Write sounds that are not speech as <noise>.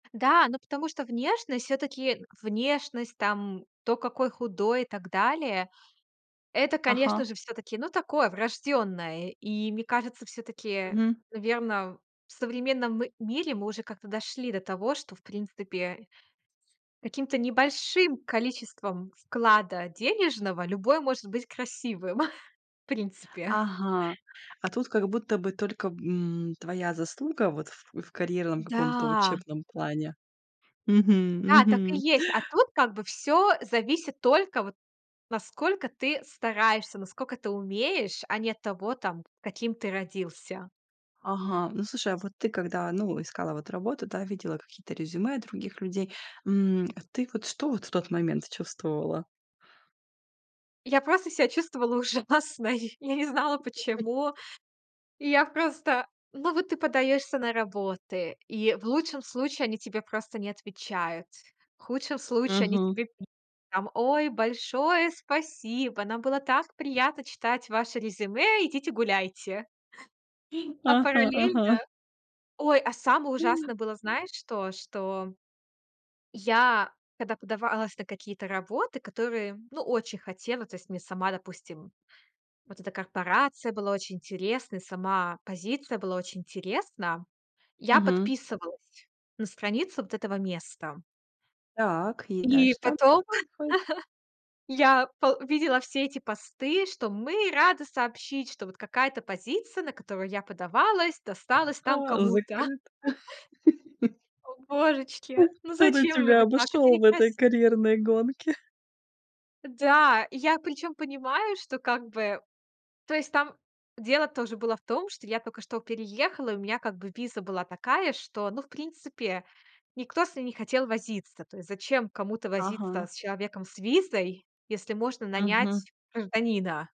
Да, ну, потому что внешность всё-таки внешность там, то, какой худой и так далее Это, конечно Ага. же, всё-таки, ну, такое врождённое. И мне кажется, всё-таки, Мгм. наверно, в современном мире мы уже как-то дошли до того, что, в принципе, каким-то небольшим количеством вклада денежного любой может быть красивым, <chuckles> в принципе. Ага, а тут как будто бы только, м, твоя заслуга вот в в карьерном каком-то Да. учебном плане. Мгм, Да, так и мгм. есть. А тут как бы всё зависит только вот насколько ты стараешься, наскока ты умеешь, а не от того, там, каким ты родился. Ага, ну слушай, а вот ты когда, ну, искала вот работу, да, видела какие-то резюме других людей, м, ты вот что вот в тот момент чувствовала? Я просто ся чувствовала ужасно и я не знала <unintelligible> почему. И я просто ну вот ты подаёшься на работы. И в лучшем случае они тебе просто не отвечают. В худшем случае они Мгм. тебе пишут там: "Oй, большое спасибо, нам было так приятно читать ваше резюме, идите гуляйте". <chuckles> А Ага, параллельно ага. Ой, а самое ужасное было, знаешь, что? Что я, когда подавалась на какие-то работы, которые, ну очень хотела. То есть мне сама, допустим вот эта корпорация была очень интересной, сама позиция была очень интересна. Я Мгм. подписывалась на страницу вот этого места. Так, и И дальше там потом ...ходит? <chuckles> я пол видела все эти посты, что "мы рады сообщить", что вот какая-то позиция, на которую я подавалась, досталась там А, кому-то.. закрыта. <chuckles> <chuckles> О, божечки, <chuckles> ну Кто-то зачем же тебя вы так? Это обошёл в этой некраси карьерной гонке. <chuckles> Да, и я причём понимаю, что как бы то есть там дело тоже было в том, что я тока что переехала. И у меня как бы виза была такая, что, ну, в принципе, никто с ней не хотел возиться. То есть зачем кому-то возиться Ага. с человеком с визой, если можно Мгм. нанять гражданина?